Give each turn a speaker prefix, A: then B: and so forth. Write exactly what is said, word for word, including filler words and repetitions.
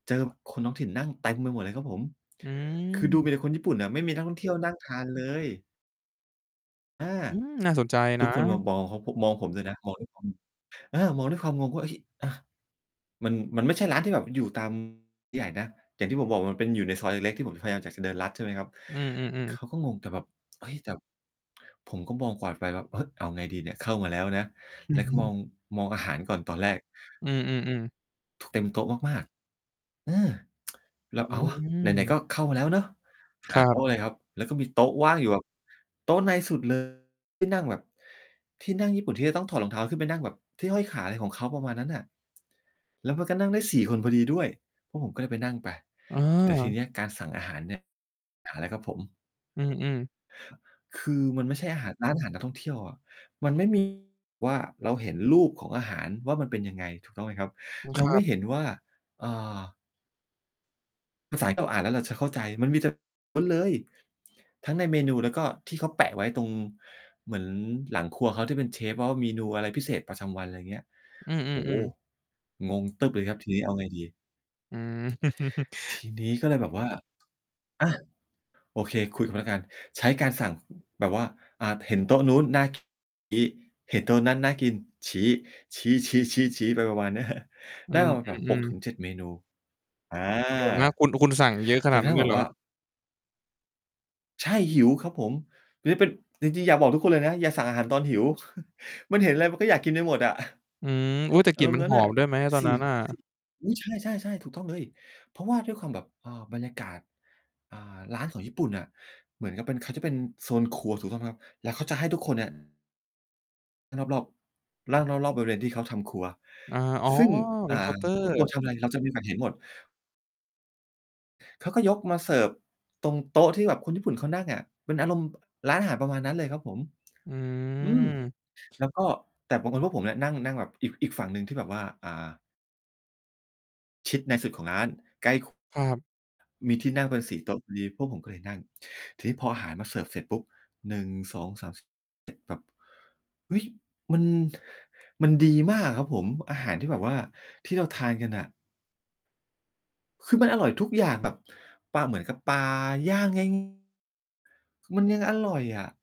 A: เจอคนท้องถิ่นนั่งเต็มไปหมดเลยครับผม
B: อื
A: คือดูมีแต่
B: ม
A: คนญี่ปุ่นน่ะ ไม่มีนักท่องเที่ยวนั่งทาน เลย อา
B: อืม น่าสนใจ
A: ท
B: น
A: ุกคนมา
B: ะ
A: มอง เขา ม มองผมด้วยนะ มองด้วยความ อา มองด้วยความงงว่า เอ๊ะ อ่า มัน มันไม่ใช่ร้านที่แบบอยู่ ตาม ใหญ่นะ อย่างที่ผมบอก มันเป็น อยู่ในซอยเล็ก ๆ ที่ผมพยายามอยากจะ ส เดินลัดใช่ไหมครับ
B: อือ
A: เข
B: ๆ ๆ
A: าก็งง แต่แบบ เฮ้ย แต่ ผมก็มองกวาดไปแบบ เฮ้ย เอาไงดีเนี่ย เข้ามาแล้วนะ
B: อื
A: แล้
B: อ
A: ว
B: ฮ
A: ก็มอ
B: ึ
A: ง มองอาหารก่อนตอนแรก
B: อือ ๆ ๆ
A: ท เต็มโต๊ะมาก ๆ อา แล
B: อ
A: ้
B: ื้
A: ว "เอาว
B: อ
A: ะ
B: ฮื
A: ไหน
B: อ
A: ๆ ก็เข้ามาแล้วเนาะ" ห
B: ค
A: า
B: ร
A: โต
B: ับ
A: ๊ะเลยครับ แล้วก็มีโต๊ะว่างอยู่แบบโต๊ะในสุด เลย ที่นั่งแบบ ที่นั่งญี่ปุ่นที่จะต้องถอดรองเท้าขึ้นไปนั่งแบบ ที่ห้อยขาอะไรของเขา ประมาณนั้นน่ะ แล้วมันก็นั่งได้ สี่ คนพอดีด้วย พวกผมก็เลยไปนั่งไป ต แต่ที
B: เออ
A: เนี้ยการสั่งอาหารเนี่ย หาแล้วครับผม
B: อือ ๆ
A: คือมันไม่ใช่อาหาร ร้านอาหารนักท่องเที่ยวอะ มันไม่ มี ว่า เราเห็นรูปของอาหารว่ามันเป็นยังไง ถูกต้องไหมครับ?
B: อือ
A: เร
B: ค
A: า
B: ร
A: ไ
B: ั
A: ม่
B: บ
A: เห็นว่า เอ่อ ภาษาที่เราอ่านแล้วเราจะเข้าใจ มันมีแต่ ล้วนเลย ทั้งในเมนูแล้วก็ที่เขาแปะไว้ตรง เหมือนหลังครัวเขา ที่เป็นเชฟ ว ว่า เมนูอะไรพิเศษประจำวัน ไรเงี้ย
B: อื
A: โอ้โฮ!
B: อ ๆ ๆ
A: งง ตึ้บเลยครับทีนี้ เอาไงดี
B: อือ
A: ทีนี้ก็เลยแบบว่า อา โอเค คุยกับพนักงาน ใช้การสั่ง แบบว่า อ่า เห็นโต๊ะนู้นน่า กิน ชี้ เห็นโต๊ะนั้นน่ากิน ชี้ ชี้ ๆ ๆ ๆ ไปประมาณ เนี้ย
B: อื
A: ได้มาแบบ หก
B: อ
A: ถ
B: ๆ
A: ึ
B: ๆ
A: งเจ็ด เมนู อา
B: เดี๋ยวนะ คุณ คุณสั่งเยอะข
A: จ
B: นา
A: น
B: ด
A: กร
B: นั
A: ะท
B: ้
A: ั
B: น
A: ่
B: เ
A: ง
B: ล
A: แบ
B: ยเ
A: บ
B: หร
A: ว
B: อ?
A: ่า ใช่ หิวครับผม นี้เป็น จริง ๆ อยากบอกทุกคนเลยนะ อย่าสั่งอาหารตอนหิว มันเห็นไรมันก็อยากกินไปหมดอะ
B: อืม อุ๊ย! แต่
A: อ
B: ก
A: า
B: ลิ่
A: ร
B: น
A: มณ
B: มั
A: ์
B: น
A: นั้
B: ห
A: น
B: อ
A: น่ะ
B: มด้วยไหมตอ
A: ส
B: น
A: ี
B: น
A: ่
B: ั้นน่ะ?
A: ซิ อุ๊ย! ใช่ ๆ ๆ ถูกต้องเลย เพราะว่าด้วยความแบบ เอ่อ บรรยากาศ อ่า ร้านของญี่ปุ่นน่ะ เหมือนกับเป็น เขาจะเป็นโซนครัว ถูกต้องไหมครับ? แล้วเขาจะให้ทุกคนเนี่ย นั่งรอบ ๆ นั
B: อ
A: ่
B: ื
A: งร
B: ม
A: อบ ๆ บริเวณที่เขาทำครัว
B: อา อ๋อ
A: ซึ่ง
B: เ
A: อ
B: ป
A: ่
B: ็
A: า
B: นเคาน์ เตอร
A: พ่อ
B: ์
A: ครัวทำไร เราจะโอกาสเห็นหมด เขาก็ยกมาเสิร์ฟตรงโต๊ะที่แบบคนญี่ปุ่นเขานั่งอะ เป็นอารมณ์ บ ร้านอาหารประมาณนั้นเลยครับผม
B: อื
A: อืม
B: ม
A: แล้วก็ แต่บังเอิญพวกผมเนี่ยนั่ง นั่งแบบอีก อีกฝั่งหนึ่งที่แบบว่า อ่า ชิดในสุดของร้าน ใกล้ ค
B: ครับ
A: มีที่นั่งเป็น สี่ โต๊ะพอดี พวกผมก็เลยนั่ง ทีนี้พออาหารมาเสิร์ฟเสร็จปุ๊บ หนึ่ง สอง สาม ส แบบ ฮึ่ย มัน มันดีมากอะครับผม อาหารที่แบบว่าที่เราทานกันน่ะ คือมันอร่อยทุกอย่าง แบบปลา เหมือนกับปลาย่าง ง่าย ค มันยังอร่อยอะ